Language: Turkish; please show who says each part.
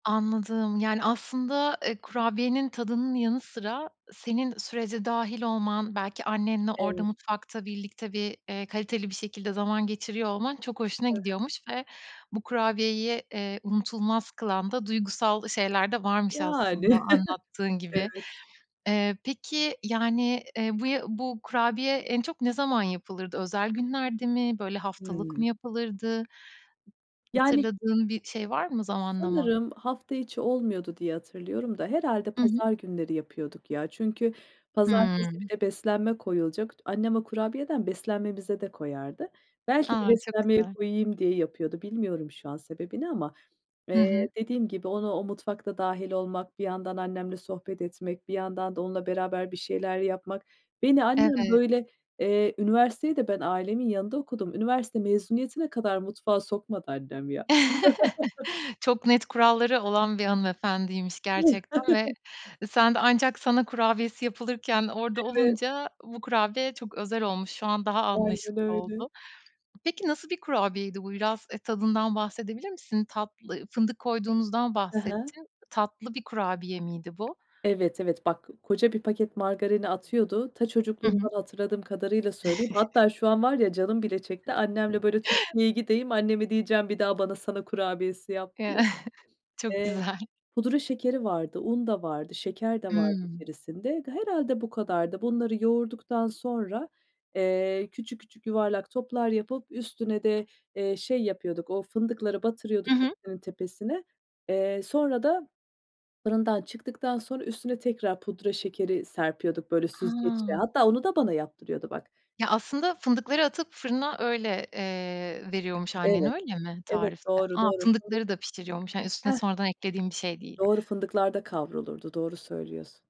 Speaker 1: Anladım. Yani, aslında, eee, kurabiyenin tadının yanı sıra senin sürece dâhil olman, belki annenle orada
Speaker 2: Evet.
Speaker 1: mutfakta birlikte bir, eee, kaliteli bir şekilde zaman geçiriyor olman çok hoşuna
Speaker 2: He he.
Speaker 1: gidiyormuş ve bu kurabiyeyi, eee, unutulmaz kılan da duygusal şeyler de varmış
Speaker 2: Yani.
Speaker 1: aslında anlattığın gibi.
Speaker 2: Evet.
Speaker 1: Eee, peki, yani, eee, bu ya bu kurabiye en çok ne zaman yapılırdı? Özel günlerde mi? Böyle haftalık mı
Speaker 2: Hımm.
Speaker 1: yapılırdı?
Speaker 2: Yani
Speaker 1: Hatırladığın bir şey var mı zamanlama?
Speaker 2: Sanırım hafta içi olmuyordu diye hatırlıyorum da herhâlde
Speaker 1: Hı hı.
Speaker 2: pazar günleri yapıyorduk ya. Çünkü pazartesi
Speaker 1: Hımm.
Speaker 2: bir de beslenme koyulacak. T annem o kurabiyeden beslenmemize de koyardı. Belki de
Speaker 1: A, çok
Speaker 2: beslenmeye
Speaker 1: güzel.
Speaker 2: koyayım diye yapıyordu. Bilmiyorum şu an sebebini ama,
Speaker 1: Hı hı.
Speaker 2: eee, dediğim gibi onu o mutfakta dâhil olmak, bir yandan annemle sohbet etmek, bir yandan da onunla beraber bir şeyler yapmak. Beni annem,
Speaker 1: Evet.
Speaker 2: böyle, eee, üniversiteyi de ben ailemin yanında okudum. Üniversite mezuniyetine kadar mutfağa sokmadı annem ya.
Speaker 1: Çok net kuralları olan bir hanımefendiymiş gerçekten ve sen de ancak sana kurabiyesi yapılırken orada
Speaker 2: Evet.
Speaker 1: olunca bu kurabiye çok özel olmuş. Şu an daha
Speaker 2: Aynen
Speaker 1: anlaşılır
Speaker 2: öyle.
Speaker 1: oldu. Peki, nasıl bir kurabiyeydi bu? Biraz, eee, tadından bahsedebilir misin? Tatlı fındık koyduğunuzdan
Speaker 2: He he.
Speaker 1: bahsettin. Tatlı bir kurabiye miydi bu?
Speaker 2: Evet, evet. Bak, koca bir paket margarini atıyordu. Ta,
Speaker 1: Hı
Speaker 2: çocukluğumdan
Speaker 1: hı.
Speaker 2: hatırladığım kadarıyla söyleyeyim. Hatta şu an var ya canım bile çekti. Annemle, böyle, Türkiye'ye gideyim, anneme diyeceğim bir daha bana Sana kurabiyesi yap diye.
Speaker 1: Çok
Speaker 2: Eee,
Speaker 1: güzel.
Speaker 2: pudra şekeri vardı, un da vardı, şeker de vardı
Speaker 1: Hımm.
Speaker 2: içerisinde. Ga herhâlde bu kadardı. Bunları yoğurduktan sonra, eee, küçük küçük yuvarlak toplar yapıp üstüne de, eee, şey yapıyorduk o fındıkları
Speaker 1: Hı
Speaker 2: batırıyorduk
Speaker 1: hı.
Speaker 2: hepsinin tepesine. Eee, sonra da fırından çıktıktan sonra üstüne tekrar pudra şekeri serpiyorduk, böyle, süzgeçle.
Speaker 1: A!
Speaker 2: Hatta onu da bana yaptırıyordu bak.
Speaker 1: Ya, aslında fındıkları atıp fırına öyle, eee, veriyormuş annen,
Speaker 2: Evet.
Speaker 1: öyle mi
Speaker 2: Evet,
Speaker 1: tarifte?
Speaker 2: doğru,
Speaker 1: A,
Speaker 2: doğru, fındık.
Speaker 1: fındıkları da pişiriyormuş, hani üstüne
Speaker 2: Heh.
Speaker 1: sonradan eklediğin bir şey değil.
Speaker 2: Doğru, fındıklar da kavrulurdu, doğru söylüyorsun.